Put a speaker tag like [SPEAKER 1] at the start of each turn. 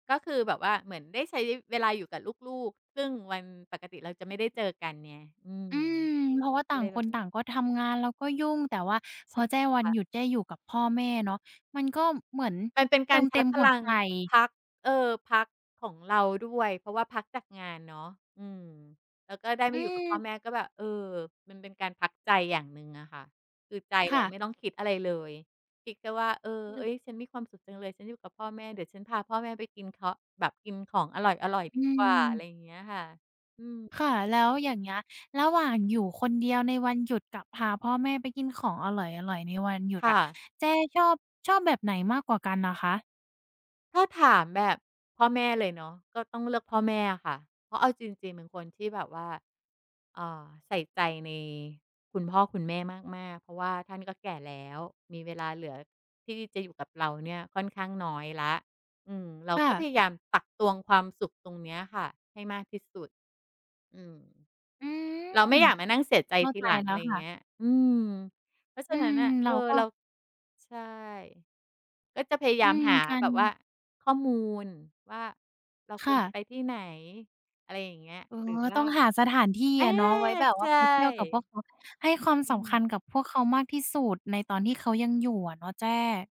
[SPEAKER 1] ก็คือแบบว่าเหมือนได้ใช้เวลาอยู่กับลูก ๆ ซึ่งวันปกติเราจะไม่ได้เจอกันไง อืม
[SPEAKER 2] อืม เพราะว่าต
[SPEAKER 1] อ
[SPEAKER 2] ่
[SPEAKER 1] ะ
[SPEAKER 2] า
[SPEAKER 1] ไร
[SPEAKER 2] ง
[SPEAKER 1] แ
[SPEAKER 2] ค
[SPEAKER 1] บบ
[SPEAKER 2] น
[SPEAKER 1] นี
[SPEAKER 2] ต
[SPEAKER 1] ้
[SPEAKER 2] ่างก็ทำงาน แล้วก็ยุ่ง แต่ว่าพ
[SPEAKER 1] ใช
[SPEAKER 2] อ
[SPEAKER 1] ่
[SPEAKER 2] แจ้วั
[SPEAKER 1] ค
[SPEAKER 2] น
[SPEAKER 1] ่ะ
[SPEAKER 2] หยุด แจ้อยู่กับพ่อแม่เนาะ มัน ก็เหมือน
[SPEAKER 1] มันเป็น
[SPEAKER 2] เต
[SPEAKER 1] ก
[SPEAKER 2] ิ
[SPEAKER 1] าร
[SPEAKER 2] ม
[SPEAKER 1] ช
[SPEAKER 2] เต
[SPEAKER 1] า
[SPEAKER 2] ็
[SPEAKER 1] ร์
[SPEAKER 2] ม
[SPEAKER 1] จพ
[SPEAKER 2] หั
[SPEAKER 1] ล
[SPEAKER 2] ว
[SPEAKER 1] ั
[SPEAKER 2] ใ
[SPEAKER 1] ง
[SPEAKER 2] จ
[SPEAKER 1] พัก เออ พักของเราด้วย เพราะว่าพักจากงานเนาะ อืม แล้วก็ได้
[SPEAKER 2] อ
[SPEAKER 1] มาอยู่กับพ่อ
[SPEAKER 2] ือ
[SPEAKER 1] แม่ ก็แบบ เออ มันเป็นการพักใจอย่างหนึ่งอะค่ะ คือใจ
[SPEAKER 2] ค
[SPEAKER 1] เร
[SPEAKER 2] ่
[SPEAKER 1] า
[SPEAKER 2] ะ
[SPEAKER 1] ไม่ต้องคิดอะไรเลย คิดแค่ว่า เออ
[SPEAKER 2] อื
[SPEAKER 1] เ
[SPEAKER 2] อ
[SPEAKER 1] อ๊ย ฉันมีความสุขจังเลย ฉันอยู่กับพ่อแม่ เดี๋ยวฉันพาพ่อแม่ไปกินเคาะ แบบกินของอร่อย
[SPEAKER 2] อ
[SPEAKER 1] ๆ ด
[SPEAKER 2] ื
[SPEAKER 1] ีกว่า อะไ
[SPEAKER 2] ม
[SPEAKER 1] รเงี้ยค่ะ อืม
[SPEAKER 2] ค่ะ แล้วอย่างเงี้ย ระหว่างอยู่คนเดียวในวันหยุด กับพาพ่อแม่ไปกินของอร่อย ๆ ในวันหยุด
[SPEAKER 1] ค่
[SPEAKER 2] อะ
[SPEAKER 1] ะ
[SPEAKER 2] แจ้ชอบ ชอบแบบไหนมากกว่ากันน่ะคะ?
[SPEAKER 1] ถ้าถามแบบพ่อแม่เลยเนาะ ก็ต้องเลือกพ่อแม่อะค่ะ เพราะเอาจริง ๆ เป็นคนที่แบบว่า เอ่อ ใส่ใจในคุณพ่อคุณแม่มาก ๆ เพราะว่าท่านก็แก่แล้ว มี เวลาเหลือที่จะอยู่กับเราเนี่ยค่อนข้างน้อยแล้ว อืม เรา
[SPEAKER 2] ค่
[SPEAKER 1] ก็พ
[SPEAKER 2] ะ
[SPEAKER 1] ยายามตักตวงความสุขตรงเนี้ยค่ะให้มากที่สุด อืม
[SPEAKER 2] อื
[SPEAKER 1] เราไม
[SPEAKER 2] ม
[SPEAKER 1] ่อยากมานั่งเสียใจ
[SPEAKER 2] เข้า
[SPEAKER 1] ที
[SPEAKER 2] ใจ
[SPEAKER 1] หลัง
[SPEAKER 2] แล
[SPEAKER 1] อ
[SPEAKER 2] ้
[SPEAKER 1] ะไ
[SPEAKER 2] ว
[SPEAKER 1] ร
[SPEAKER 2] ค่
[SPEAKER 1] เงี
[SPEAKER 2] ะ
[SPEAKER 1] ้ย อืม เพราะฉ
[SPEAKER 2] อื
[SPEAKER 1] ะนั้น
[SPEAKER 2] ม
[SPEAKER 1] น่ะ
[SPEAKER 2] เ
[SPEAKER 1] เ
[SPEAKER 2] ร
[SPEAKER 1] อ
[SPEAKER 2] า
[SPEAKER 1] อ
[SPEAKER 2] ก็
[SPEAKER 1] เรา ใช่ ก็จะพยาย
[SPEAKER 2] อ
[SPEAKER 1] า
[SPEAKER 2] ื
[SPEAKER 1] ม
[SPEAKER 2] ม
[SPEAKER 1] หา
[SPEAKER 2] กั
[SPEAKER 1] แบ
[SPEAKER 2] น
[SPEAKER 1] บว่าข้อมูลว่าเรา
[SPEAKER 2] ค
[SPEAKER 1] ค
[SPEAKER 2] ่
[SPEAKER 1] วรจะ
[SPEAKER 2] ะ
[SPEAKER 1] ไปที่ไหน อะไรอย่างเงี้ย
[SPEAKER 2] เออ
[SPEAKER 1] หรือว
[SPEAKER 2] ต
[SPEAKER 1] ่า
[SPEAKER 2] ้องหาสถานที่
[SPEAKER 1] อา
[SPEAKER 2] อะเนาะไว้แบบว
[SPEAKER 1] ใช
[SPEAKER 2] ่า
[SPEAKER 1] ่
[SPEAKER 2] ไปเที่ยวกับพวกเขา ให้ความ
[SPEAKER 1] อ
[SPEAKER 2] ส
[SPEAKER 1] ื
[SPEAKER 2] ำค
[SPEAKER 1] ม
[SPEAKER 2] ัญกับพวกเขามากที่สุด ในตอนที่เขายังอยู่อะเนาะแจ้